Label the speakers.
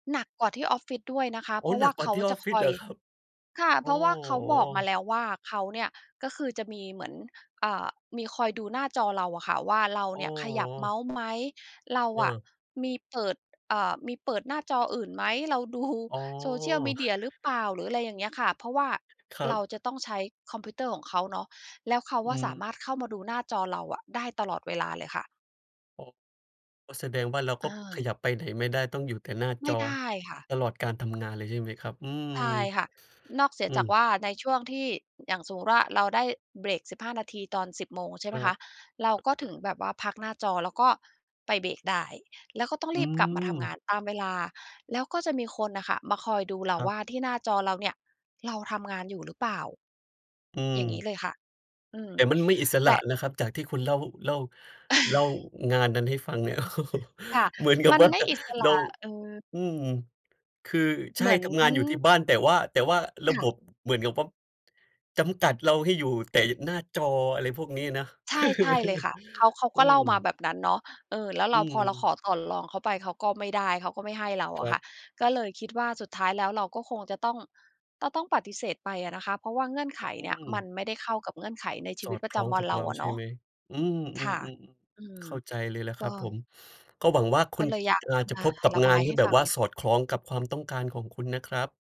Speaker 1: หนักกว่าที่ออฟฟิศด้วยนะคะ
Speaker 2: โอ
Speaker 1: เ
Speaker 2: ้
Speaker 1: พราะว
Speaker 2: หน
Speaker 1: ่
Speaker 2: ั
Speaker 1: า
Speaker 2: กก
Speaker 1: เ
Speaker 2: ว
Speaker 1: ข
Speaker 2: ่า
Speaker 1: า
Speaker 2: ที่อ
Speaker 1: จะ
Speaker 2: อฟฟ
Speaker 1: ค
Speaker 2: ิศ
Speaker 1: อ
Speaker 2: เหร
Speaker 1: ย
Speaker 2: อครับ?
Speaker 1: ค่ะ
Speaker 2: โอ
Speaker 1: เพ
Speaker 2: ้
Speaker 1: ราะว่าเขาบอ
Speaker 2: โ
Speaker 1: กมา
Speaker 2: ฮ
Speaker 1: แล้วว่า เขาเนี่ย ก็คือจะมีเหมือน อ่า มีคอยดูหน้าจอเราอะค่ะว่า เรา
Speaker 2: โอ้
Speaker 1: เนี่ยข
Speaker 2: โ
Speaker 1: ยับเม
Speaker 2: ฮ
Speaker 1: าส์ไหม? เรา
Speaker 2: เ
Speaker 1: อะ
Speaker 2: ออ
Speaker 1: มีเปิด อ เอ่อ มีเปิดหน้าจออื่นไหม? เราดู
Speaker 2: อ๋อ
Speaker 1: social media หรือเปล่า? หรืออะไรอย่างเงี้ยค่ะ เพราะว่า
Speaker 2: ครั
Speaker 1: เรา
Speaker 2: บ
Speaker 1: จะต้องใช้คอมพิวเตอร์ของเขาเนาะ แล้วเขา
Speaker 2: อื
Speaker 1: อะสา
Speaker 2: ม
Speaker 1: มารถเข้ามาดูหน้าจอเราอะได้ตลอดเวลาเลยค่ะ
Speaker 2: อ๋อ ก็แสดงว่า เราก
Speaker 1: อ
Speaker 2: ็ข
Speaker 1: า
Speaker 2: ยับไปไหนไม่ได้ ต้องอยู่แต่หน้า
Speaker 1: ไ
Speaker 2: จ
Speaker 1: ม่
Speaker 2: อ
Speaker 1: ได้ค่ะ
Speaker 2: ตลอดการทำงานเลย ใช่ไหมครับ? อืม
Speaker 1: ใช่ค่ะ นอกเสีย
Speaker 2: อื
Speaker 1: จาก
Speaker 2: ม
Speaker 1: ว่า ในช่วงที่ อย่างสมมุติว่า เราได้เบรก 15 นาที ตอน 10 โมงใช่ไ
Speaker 2: ค
Speaker 1: หม
Speaker 2: ร
Speaker 1: ค
Speaker 2: ับ
Speaker 1: ะ เราก็
Speaker 2: อ
Speaker 1: ถึ
Speaker 2: ะ
Speaker 1: ง
Speaker 2: ฮะ
Speaker 1: แบบว่าพักหน้าจอแล้วก็ไปเบรกได้ แล้วก็ต้อง
Speaker 2: อ
Speaker 1: ร
Speaker 2: ื
Speaker 1: ีบกลับมาทำงา
Speaker 2: ม
Speaker 1: นตามเวลา แล้วก็จะมีคนน่ะค่ะมาคอยดูเรา
Speaker 2: ครั
Speaker 1: ว
Speaker 2: บ
Speaker 1: ่า ที่หน้าจอเราเนี่ยเราทำงานอยู่หรือเปล่า?
Speaker 2: อื
Speaker 1: อย่างงี้
Speaker 2: ม
Speaker 1: เลยค่ะ อืม
Speaker 2: แต่มันไม่อิส
Speaker 1: แ
Speaker 2: ร
Speaker 1: ต
Speaker 2: ะ
Speaker 1: ่
Speaker 2: นะครับ จากที่คุณเล่า เล่า เล่างานนั้นให้ฟังเนี่ย
Speaker 1: ค่ะ
Speaker 2: เหมือนกั
Speaker 1: ม
Speaker 2: บ
Speaker 1: ัน
Speaker 2: ว่า
Speaker 1: ไม่อิสร
Speaker 2: เรา
Speaker 1: ะ เออ
Speaker 2: อืม คือ ใช
Speaker 1: เห
Speaker 2: ่
Speaker 1: มือน
Speaker 2: ทำงานอยู่ที่บ้าน แต่ว่า แต่ว่าระ
Speaker 1: ค่
Speaker 2: บ
Speaker 1: ะ
Speaker 2: บเหมือนกับวับ จำกัดเราให้อยู่แต่หน้าจอ อะไรพวกนี้นะ
Speaker 1: ใช่ ใช่เลยค่ะ เขา เขา
Speaker 2: อื
Speaker 1: ก็เล่ามา
Speaker 2: ม
Speaker 1: แบบนั้นเนาะ เออ แล้วเ
Speaker 2: อ
Speaker 1: ร
Speaker 2: ื
Speaker 1: า พอเรา
Speaker 2: ม
Speaker 1: ขอต่อรองเขาไป เขาก็ไม่ได้ เขาก็ไม่ให้เรา
Speaker 2: ค
Speaker 1: อ
Speaker 2: ร
Speaker 1: ะ
Speaker 2: ั
Speaker 1: ค
Speaker 2: บ
Speaker 1: ่ะ ก็เลยคิดว่า สุดท้ายแล้วเราก็คงจะต้อง จะต้องปฏิเสธไปอะนะคะ เพราะว่าเงื่อนไข
Speaker 2: อ อื
Speaker 1: เนี่ยมั
Speaker 2: ม
Speaker 1: นไม่ได้เข้ากับเงื่อนไขในชี
Speaker 2: ส
Speaker 1: วิ
Speaker 2: อ
Speaker 1: ต
Speaker 2: ด
Speaker 1: ประ
Speaker 2: ค
Speaker 1: จ
Speaker 2: ล้อง
Speaker 1: ำวั
Speaker 2: ก
Speaker 1: น
Speaker 2: ับ
Speaker 1: เรา
Speaker 2: เรา
Speaker 1: อะ
Speaker 2: ใช
Speaker 1: เน
Speaker 2: ่
Speaker 1: าะ
Speaker 2: ไหม? อื
Speaker 1: ค่ะ
Speaker 2: ม ๆ
Speaker 1: อื
Speaker 2: ๆ ๆ
Speaker 1: ม
Speaker 2: เข้าใจเลยแหละ
Speaker 1: ก
Speaker 2: คร
Speaker 1: ็
Speaker 2: ับผม ก็หวังว่าค
Speaker 1: ก
Speaker 2: ุ
Speaker 1: ็
Speaker 2: ณ
Speaker 1: เลยอยาก
Speaker 2: จ อ่
Speaker 1: จ
Speaker 2: า
Speaker 1: ะ
Speaker 2: จะ
Speaker 1: มา
Speaker 2: พบกับ
Speaker 1: ระ
Speaker 2: ง
Speaker 1: บ
Speaker 2: า
Speaker 1: า
Speaker 2: น
Speaker 1: ย
Speaker 2: ท
Speaker 1: ใ
Speaker 2: ี
Speaker 1: ห้
Speaker 2: ่แบ
Speaker 1: ฟ
Speaker 2: บ
Speaker 1: ัง
Speaker 2: ว่าสอดคล้องกับความต้องการของคุณนะครับ